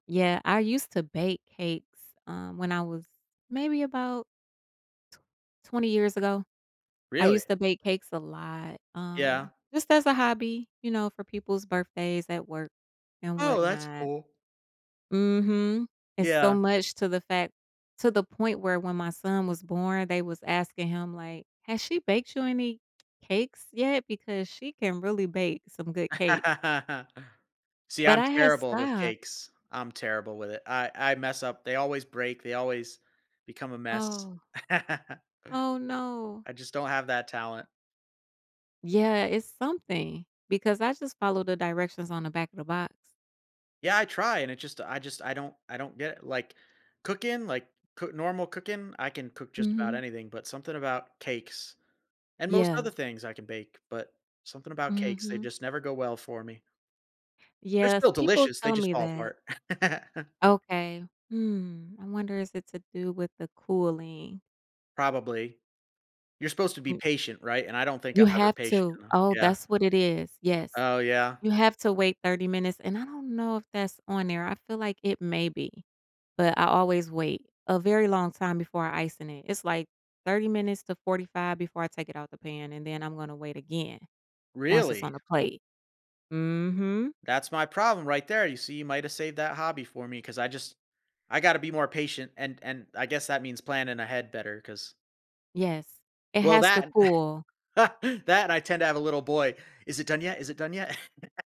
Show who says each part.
Speaker 1: Yeah, I used to bake cakes, um, when I was maybe about t 20 years ago, I
Speaker 2: Really?
Speaker 1: used to bake cakes a lot, um,
Speaker 2: Yeah.
Speaker 1: just as a hobby, you know, for people's birthdays at work and
Speaker 2: Oh, that's
Speaker 1: whatnot.
Speaker 2: cool.
Speaker 1: Mhm. It's so
Speaker 2: Yeah.
Speaker 1: much to the fact to the point where when my son was born, they was asking him like, "Has she baked you any cakes yet because she can really bake some good cakes."
Speaker 2: See,
Speaker 1: But
Speaker 2: I'm
Speaker 1: I had
Speaker 2: terrible with
Speaker 1: stop.
Speaker 2: cakes. I'm terrible with it. I I mess up. They always break, they always become a mess.
Speaker 1: Oh. Oh no.
Speaker 2: I just don't have that talent.
Speaker 1: Yeah, it's something, because I just followed the directions on the back of the box.
Speaker 2: Yeah, I try, and it just I just I don't I don't get it, like, cooking, like coo normal cooking, I can cook just about
Speaker 1: Mhm.
Speaker 2: anything, but something about cakes, and most
Speaker 1: Yeah.
Speaker 2: other things I can bake, but something about cakes, they
Speaker 1: Mhm.
Speaker 2: just never go well for me. They're still
Speaker 1: Yes, people
Speaker 2: delicious, they
Speaker 1: tell
Speaker 2: just
Speaker 1: me
Speaker 2: fall
Speaker 1: that.
Speaker 2: apart.
Speaker 1: Okay. Hmm, I wonder is it to do with the cooling.
Speaker 2: Probably. You're supposed to be
Speaker 1: Mm.
Speaker 2: patient, right, and I don't think I'm
Speaker 1: You
Speaker 2: ever
Speaker 1: have
Speaker 2: patient
Speaker 1: to,
Speaker 2: enough,
Speaker 1: oh,
Speaker 2: yeah.
Speaker 1: that's what it is, yes.
Speaker 2: Oh yeah.
Speaker 1: You have to wait 30 minutes, and I don't know if that's on there, I feel like it may be, but I always wait a very long time before icing it. It's, like, 30 minutes to 45 before I take it out of the pan, and then I'm gonna wait again once it's on
Speaker 2: Really?
Speaker 1: the plate. Mhm.
Speaker 2: That's my problem right there. You see, you might have saved that hobby for me 'cause I just I got to be more patient and and I guess that means planning ahead better 'cause
Speaker 1: Yes, it
Speaker 2: Well,
Speaker 1: has to
Speaker 2: that
Speaker 1: cool.
Speaker 2: that I tend to have a little boy. "Is it done yet? Is it done yet?"